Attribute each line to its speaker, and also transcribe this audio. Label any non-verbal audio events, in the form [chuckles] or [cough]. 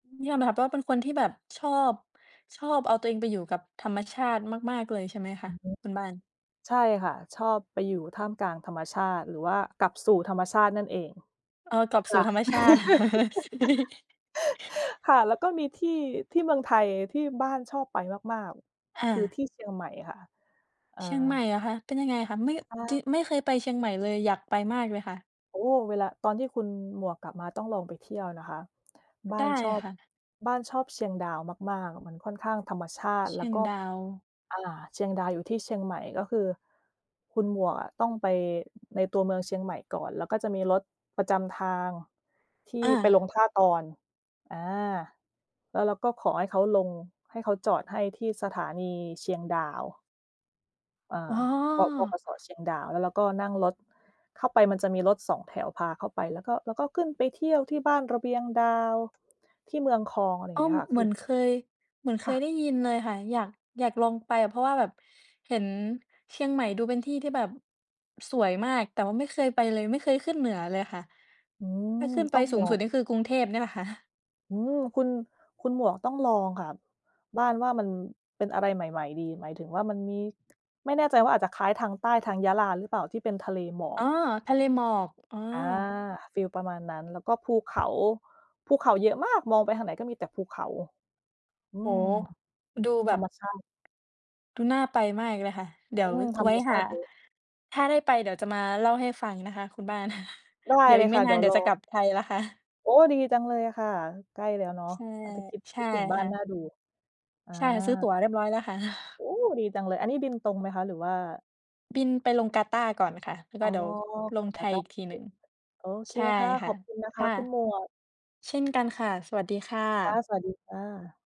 Speaker 1: นี่ยอมรับเป็นคนที่แบบชอบ ชอบเอาตัวเองไปอยู่กับธรรมชาติมาก ๆ เลยใช่ไหมค
Speaker 2: อ
Speaker 1: ะ
Speaker 2: ือฮึ
Speaker 1: คุณบ้าน?
Speaker 2: ใช่ค่ะ ชอบไปอยู่ท่ามกลางธรรมชาติ หรือว่ากลับสู่ธรรมชาตินั่นเอง
Speaker 1: เออ กลับ
Speaker 2: ค
Speaker 1: สู
Speaker 2: ่
Speaker 1: ่
Speaker 2: ะ
Speaker 1: ธรรมชาติ [chuckles] ก็ดี
Speaker 2: [laughs] ค่ะ แล้วก็มีที่ ที่เมืองไทยที่บ้านชอบไปมาก
Speaker 1: อ
Speaker 2: ๆ คือ
Speaker 1: า
Speaker 2: ที่เชียงใหม่ค่ะ เอ
Speaker 1: เชียงใหม่
Speaker 2: อ
Speaker 1: เหรอคะ เป็นยังไงคะ ไม่
Speaker 2: อา
Speaker 1: จิ ไม่เคยไปเชียงใหม่เลย อยากไปมากเลยค่ะ?
Speaker 2: โอ้ เวลา ตอนที่คุณหมวกกลับมา ต้องลองไปเที่ยวนะคะ บ้
Speaker 1: ไ
Speaker 2: า
Speaker 1: ด
Speaker 2: น
Speaker 1: ้
Speaker 2: ชอบ
Speaker 1: ค่ะ
Speaker 2: บ้านชอบเชียงดาวมาก ๆ อะมันค่อนข้างธรรมชาต
Speaker 1: เ
Speaker 2: ิ
Speaker 1: ช
Speaker 2: แล
Speaker 1: ี
Speaker 2: ้ว
Speaker 1: ยง
Speaker 2: ก็
Speaker 1: ดาว
Speaker 2: อ่า เชียงดาวอยู่ที่เชียงใหม่ ก็คือคุณหมวกอะต้องไป ในตัวเมืองเชียงใหม่ก่อน แล้วก็จะมีรถประจำทางที่
Speaker 1: อา
Speaker 2: ไปลงท่าตอน อา แล้วเราก็ขอให้เขาลง ให้เขาจอดให้ที่สถานีเชียงดาว อา
Speaker 1: อ๋อ
Speaker 2: บอก บขส. เชียงดาว แล้วเราก็นั่งรถเข้าไป มันจะมีรถสองแถวพาเข้าไป แล้วก็ แล้วก็ขึ้นไปเที่ยวที่บ้านระเบียงดาว ที่เมืองคอง อะไรอย
Speaker 1: ก
Speaker 2: ่า
Speaker 1: ็
Speaker 2: งเงี้ยค่ะ
Speaker 1: เ
Speaker 2: ค
Speaker 1: หม
Speaker 2: ื
Speaker 1: ื
Speaker 2: อ
Speaker 1: อนเคย เหมือนเค
Speaker 2: ค่
Speaker 1: ย
Speaker 2: ะ
Speaker 1: ได้ยินเลยค่ะ อยาก อยากลองไป เพราะว่าแบบเห็นเชียงใหม่ดูเป็นที่ที่แบบสวยมาก แต่ว่าไม่เคยไปเลย ไม่เคยขึ้นเหนือเลยค่ะ
Speaker 2: อืม
Speaker 1: ถ้าขึ้นไป
Speaker 2: ต้อง
Speaker 1: ส
Speaker 2: บ
Speaker 1: ูง
Speaker 2: อ
Speaker 1: สุด
Speaker 2: ก
Speaker 1: นี่คือกรุงเทพเนี่ยแหละค่ะ
Speaker 2: อืม คุณ คุณหมวกต้องลองค่ะ บ้านว่ามันเป็นอะไรใหม่ ๆ ดี หมายถึงว่ามันมี ไม่แน่ใจว่าอาจจะคล้ายทางใต้ ทางยะลาหรือเปล่า ที่เป็นทะเลหมอ
Speaker 1: อ๋
Speaker 2: ก
Speaker 1: อ ทะเลหมอก อ๋อ
Speaker 2: อา ฟิลประมาณนั้น แล้วก็ภู เขา ภูเขาเยอะมาก มองไปทางไหนก็มีแต่ภูเขา อื
Speaker 1: โอ้
Speaker 2: ม
Speaker 1: โฮ! ดูแบ
Speaker 2: ธร
Speaker 1: บ
Speaker 2: รมชาติ
Speaker 1: ดูน่าไปมากเลยค่ะ เดี๋ย
Speaker 2: อ
Speaker 1: ว
Speaker 2: ืม ธ
Speaker 1: ว
Speaker 2: ร
Speaker 1: ไว
Speaker 2: ร
Speaker 1: ้
Speaker 2: มช
Speaker 1: ห
Speaker 2: า
Speaker 1: า
Speaker 2: ติเยอะ
Speaker 1: ถ้าได้ไป เดี๋ยวจะมาเล่าให้ฟังนะคะคุณบ้าน
Speaker 2: ได
Speaker 1: [chuckles]
Speaker 2: ้
Speaker 1: เดี๋ยว
Speaker 2: เล
Speaker 1: อี
Speaker 2: ย
Speaker 1: กไ
Speaker 2: ค
Speaker 1: ม่
Speaker 2: ่ะ
Speaker 1: น
Speaker 2: เด
Speaker 1: า
Speaker 2: ี๋
Speaker 1: น
Speaker 2: ยว
Speaker 1: เดี๋ย
Speaker 2: ร
Speaker 1: วจะ ก
Speaker 2: อ
Speaker 1: ลับไทยแล้วค่ะ
Speaker 2: โอ้ ดีจังเลยอะค่ะ ใกล้แล้วเนาะ
Speaker 1: ใช่
Speaker 2: อาจจะ คิด
Speaker 1: ใช
Speaker 2: ค
Speaker 1: ่
Speaker 2: ิดถึงบ้
Speaker 1: ค
Speaker 2: า
Speaker 1: ่
Speaker 2: น
Speaker 1: ะ
Speaker 2: น่าดู อา
Speaker 1: ใช่ ซื้อตั๋วเรียบร้อยแล้วค่ะ
Speaker 2: โอ้ ดีจังเลย อันนี้บินตรงไหมคะ หรือว่า
Speaker 1: บินไปลงกาตาร์ก่อนค่ะ แล้วก
Speaker 2: อ
Speaker 1: ็
Speaker 2: ๋อ
Speaker 1: เดี๋ยวลง
Speaker 2: ก
Speaker 1: ไท
Speaker 2: าต
Speaker 1: ย
Speaker 2: า
Speaker 1: อ
Speaker 2: ร
Speaker 1: ี
Speaker 2: ์
Speaker 1: กทีหนึ่ง
Speaker 2: โอ โอเค
Speaker 1: ใช่
Speaker 2: ค่ะ
Speaker 1: ค
Speaker 2: ข
Speaker 1: ่
Speaker 2: อ
Speaker 1: ะ
Speaker 2: บคุณนะค
Speaker 1: ค
Speaker 2: ะ
Speaker 1: ่ะ
Speaker 2: คุณหมวก
Speaker 1: เช่นกันค่ะ สวัสดีค่
Speaker 2: ค่ะ
Speaker 1: ะ
Speaker 2: สวัสดีค่ะ